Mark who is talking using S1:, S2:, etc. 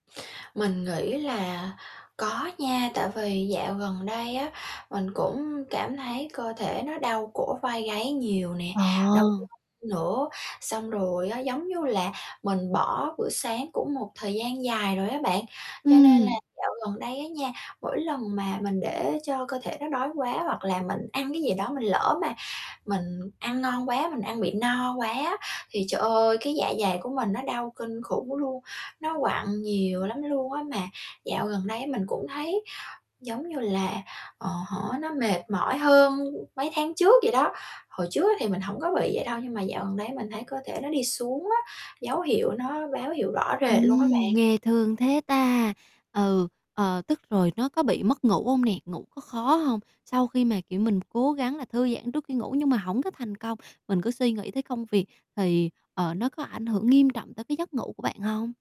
S1: Mình nghĩ là có nha, tại vì dạo gần đây á mình cũng cảm thấy cơ thể nó đau cổ vai gáy nhiều nè,
S2: Ờ.
S1: đau lưng nữa, xong rồi á, giống như là mình bỏ bữa sáng cũng một thời gian dài rồi á bạn, cho nên là
S2: Ừm.
S1: dạo gần đây á nha, mỗi lần mà mình để cho cơ thể nó đói quá, hoặc là mình ăn cái gì đó mình lỡ mà mình ăn ngon quá, mình ăn bị no quá á, thì trời ơi, cái, dạ dày của mình nó đau kinh khủng luôn, nó quặn nhiều lắm luôn á. Mà dạo gần đây mình cũng thấy giống như là, ờ hả, nó mệt mỏi hơn mấy tháng trước vậy đó, hồi trước á thì mình hổng có bị vậy đâu, nhưng mà dạo gần đây mình thấy cơ thể nó đi xuống á, dấu hiệu nó báo hiệu rõ rệt luôn á
S2: Ừm,
S1: bạn.
S2: nghe thương thế ta, ừ, ờ, tức rồi nó có bị mất ngủ hông nè, ngủ có khó hông? Sau khi mà, kiểu, mình cố gắng là thư giãn trước khi ngủ nhưng mà hổng có thành công, mình cứ suy nghĩ tới công việc thì, ờ, nó có ảnh hưởng nghiêm trọng tới cái giấc ngủ của bạn hông?